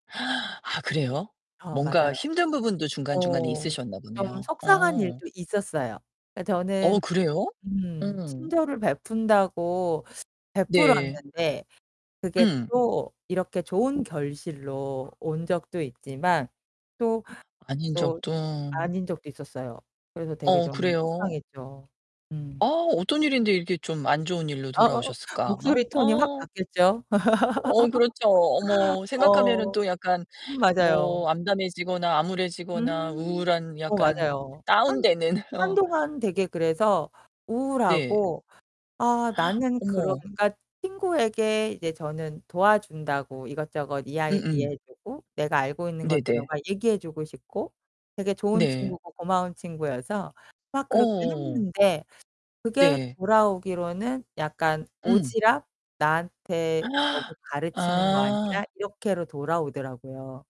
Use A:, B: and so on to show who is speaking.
A: 아 그래요?
B: 어
A: 뭔가
B: 맞아요.
A: 힘든 부분도 중간중간에
B: 어.
A: 있으셨나
B: 좀
A: 보네요.
B: 속상한
A: 어.
B: 일도 있었어요. 그러니까
A: 어
B: 저는
A: 그래요?
B: 음
A: 음.
B: 친절을 베푼다고
A: 네.
B: 베풀었는데 그게
A: 응.
B: 또 이렇게 좋은 결실로 온 적도 있지만 또,
A: 아닌
B: 또
A: 적도.
B: 아닌 적도 있었어요. 그래서 되게
A: 어
B: 좀
A: 그래요.
B: 속상했죠.
A: 어
B: 음.
A: 어떤 일인데 이렇게 좀 안 좋은 일로
B: 어어어
A: 돌아오셨을까?
B: 목소리 톤이 확
A: 어.
B: 바뀌었죠.
A: 어 그렇죠. 어머. 생각하면은
B: 어.
A: 또 약간
B: 맞아요.
A: 뭐 암담해지거나 암울해지거나
B: 음.
A: 우울한
B: 어
A: 약간
B: 맞아요. 한
A: 다운되는 어.
B: 한동안 되게 그래서
A: 네.
B: 우울하고 아 나는 그런
A: 어머.
B: 그니까 친구에게 이제 저는 도와준다고 이것저것
A: 음음.
B: 이야기해 주고 내가 알고 있는 것들을
A: 네네.
B: 막 얘기해 주고 싶고 되게 좋은
A: 네.
B: 친구고 고마운 친구여서 막 그렇게
A: 어어어.
B: 했는데 그게
A: 네.
B: 돌아오기로는 약간
A: 음.
B: 오지랖? "나한테 너무 가르치는 거 아니야?"
A: 아.
B: 이렇게 돌아오더라고요.